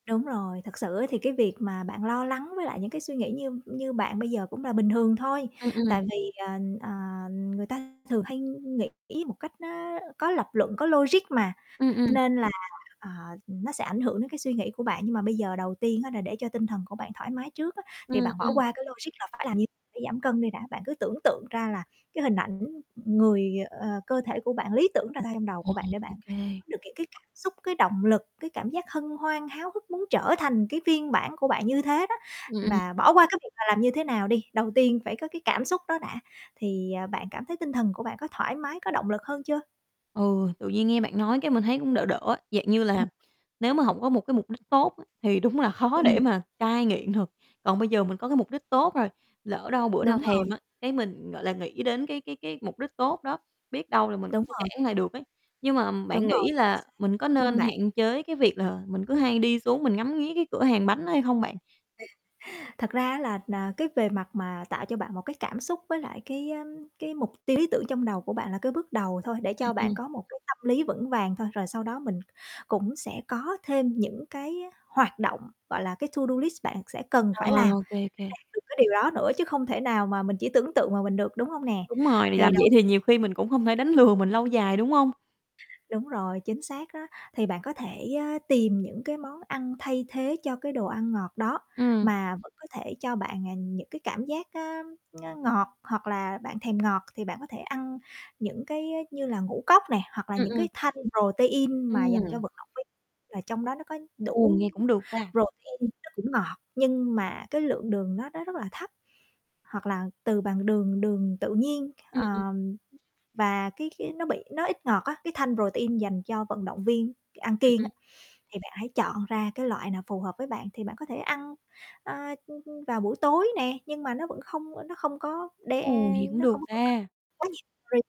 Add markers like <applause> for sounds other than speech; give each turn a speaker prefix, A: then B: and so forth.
A: Đúng rồi, thật sự á, thì cái việc mà bạn lo lắng với lại những cái suy nghĩ như như bạn bây giờ cũng là bình thường thôi.
B: Ừm, ừm.
A: Tại vì, ờ, ờ, người ta thường hay nghĩ một cách nó có lập luận, có logic mà,
B: Ừm, ừm.
A: nên là, à, nó sẽ ảnh hưởng đến cái suy nghĩ của bạn. Nhưng mà bây giờ đầu tiên á, là để cho tinh thần của bạn thoải mái trước á,
B: Ừm,
A: thì bạn bỏ
B: ừm.
A: qua cái logic là phải làm như phải giảm cân đi đã. Bạn cứ tưởng tượng ra là cái hình ảnh người, ờ, ờ, cơ thể của bạn lý tưởng ra trong đầu của
B: Ừm,
A: bạn, để bạn
B: ô kê.
A: có được cái cái cảm xúc, cái động lực, cái cảm giác hân hoan, háo hức muốn trở thành cái phiên bản của bạn như thế đó.
B: Ừm.
A: Và bỏ qua cái việc là làm như thế nào đi, đầu tiên phải có cái cảm xúc đó đã, thì, à, bạn cảm thấy tinh thần của bạn có thoải mái, có động lực hơn chưa?
B: Ừ, tự nhiên nghe bạn nói cái mình thấy cũng đỡ đỡ á. Dạng như
A: Ừm.
B: là nếu mà hổng có một cái mục đích tốt á, thì đúng là khó để
A: Ừm.
B: mà cai nghiện được. Còn bây giờ mình có cái mục đích tốt rồi, lỡ đâu bữa nào
A: Đúng rồi.
B: thèm á, cái mình, gọi là, nghĩ đến cái cái cái mục đích tốt đó, biết đâu là mình
A: Đúng
B: sẽ
A: rồi.
B: cản lại được ấy. Nhưng mà bạn
A: Đúng rồi,
B: nghĩ
A: chính
B: là
A: xác.
B: mình có
A: <unintelligible>
B: nên
A: bản
B: hạn chế cái việc là mình cứ hay đi xuống mình ngắm nghía cái cửa hàng bánh đó hay không bạn?
A: <chuckles> Thật ra á là, à, cái về mặt mà tạo cho bạn một cái cảm xúc với lại cái, ơm, cái mục tiêu lý tưởng trong đầu của bạn là cái bước đầu thôi, để
B: Ừm,
A: cho
B: ừm.
A: bạn có một cái tâm lý vững vàng thôi. Rồi sau đó mình cũng sẽ có thêm những cái hoạt động, gọi là, cái to do list bạn sẽ cần
B: À,
A: phải làm
B: ô
A: để
B: kê, ô kê.
A: đạt được cái điều đó nữa. Chứ không thể nào mà mình chỉ tưởng tượng mà mình được, đúng hông nè?
B: Đúng rồi. Vì
A: Thì
B: làm vậy
A: đầu
B: thì nhiều khi mình cũng không thể đánh lừa mình lâu dài, đúng hông?
A: Đúng rồi, chính xác á thì bạn có thể, ơ, tìm những cái món ăn thay thế cho cái đồ ăn ngọt đó
B: Ừm.
A: mà vẫn có thể cho bạn, à, những cái cảm giác, ơ, <unintelligible> ngọt. Hoặc là bạn thèm ngọt thì bạn có thể ăn những cái, ơ, như là ngũ cốc nè, hoặc là
B: Ừm,
A: những
B: ừm.
A: cái thanh protein mà dành cho
B: Ừm.
A: vận động viên là trong đó nó có
B: Ồ,
A: đủ
B: nghe cũng được ta.
A: protein, nó cũng ngọt nhưng mà cái lượng đường nó nó rất là thấp, hoặc là từ bằng đường đường tự nhiên,
B: Ừ, ừm.
A: ờ, và cái cái nó bị nó ít ngọt á, cái thanh protein dành cho vận động viên c ăn
B: Ừ,
A: kiêng á,
B: ừm.
A: thì bạn hãy chọn ra cái loại nào phù hợp với bạn. Thì bạn có thể ăn, ơ, ưm, ưm, vào buổi tối nè, nhưng mà nó vẫn không, ơ, nó không có đe
B: Ồ, nghe cũng
A: nó
B: được
A: không có cung cấp
B: ta.
A: quá nhiều <unintelligible>